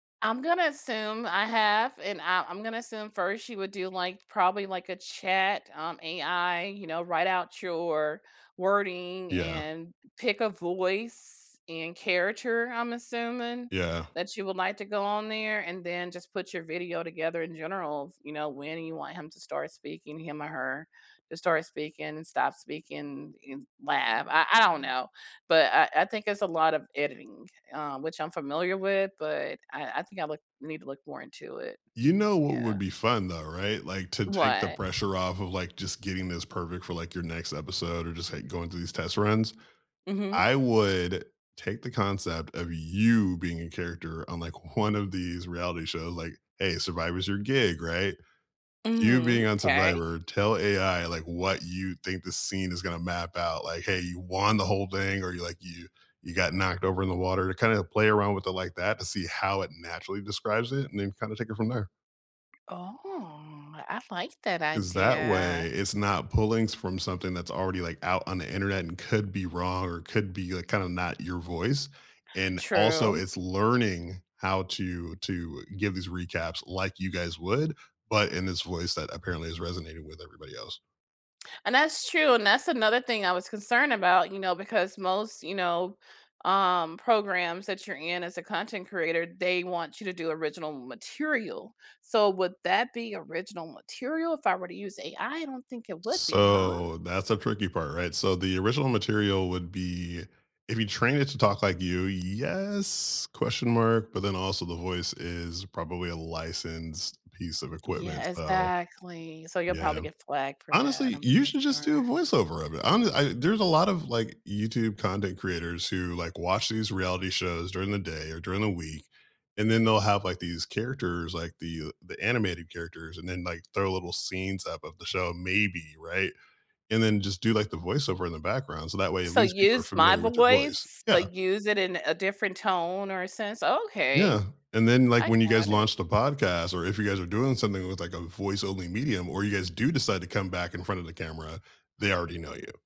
I'm gonna assume I have, and I I'm gonna assume first she would do, like, probably, like, a chat, um, AI, you know, write out your wording Yeah. and pick a voice and character, I'm assuming, Yeah. that you would like to go on there and then just put your video together in generals, you know, when you want him to start speaking- him or her- to start speaking and stop speaking in lab. I I don't know. But I I think there's a lot of editing, uh, which I'm familiar with, but I I think I look need to look more into it. You know what Yeah. would be fun, though. Right? Like, to take the What? pressure off of, like, just getting this perfect for, like, your next episode or just, like, going through these test runs. Mhm. I would take the concept of you being a character on, like, one of these reality shows, like Hey, Survivor's your gig, right? You Mhm. being on 'Kay. Survivor, tell AI, like, what you think the scene is gonna map out, like, "Hey, you won the whole thing," or you're like, "You you got knocked over in the water" to kinda play around with it like that to see how it naturally describes it, and then kinda take it from there. Oh, I like that 'Cause that way, idea. it's not pulling s from something that's already, like, out on the Internet and could be wrong or could be, like, kinda not your voice, and, also, True. it's learning how to to give these recaps like you guys would, but in this voice that apparently is resonating with everybody else. And that's true, and that's another thing I was concerned about, you know, because most, you know, um, programs that you're in as a content creator, they want you to do original material, so would that be original material if I were to use AI? I don't think it would be, huh? So that's a tricky part, right? So the original material would be If you train it to talk like you, yes, question mark? But then also the voice is probably a licensed piece of equipment. Yeah, So exactly. So you'll probably Yeah. get flagged for that, Honestly, I'm you pretty should just do a sure. voiceover of it on the I there's a lot of, like, YouTube content creators who, like, watch these reality shows during the day or during the week, and then they'll have, like, these characters, like the, uh the animated characters, and then, like, throw little scenes up of the show, maybe, right? And then just do, like, the voiceover in the background so that way at So least people are use my familiar with your voice. voice, Yeah. but use it in a different tone or a sense? Okay. Yeah, and then, like, I when you guys got it. launch a podcast, or if you guys are doing something with, like, a voice-only medium, or you guys do decide to come back in front of the camera, they already know you.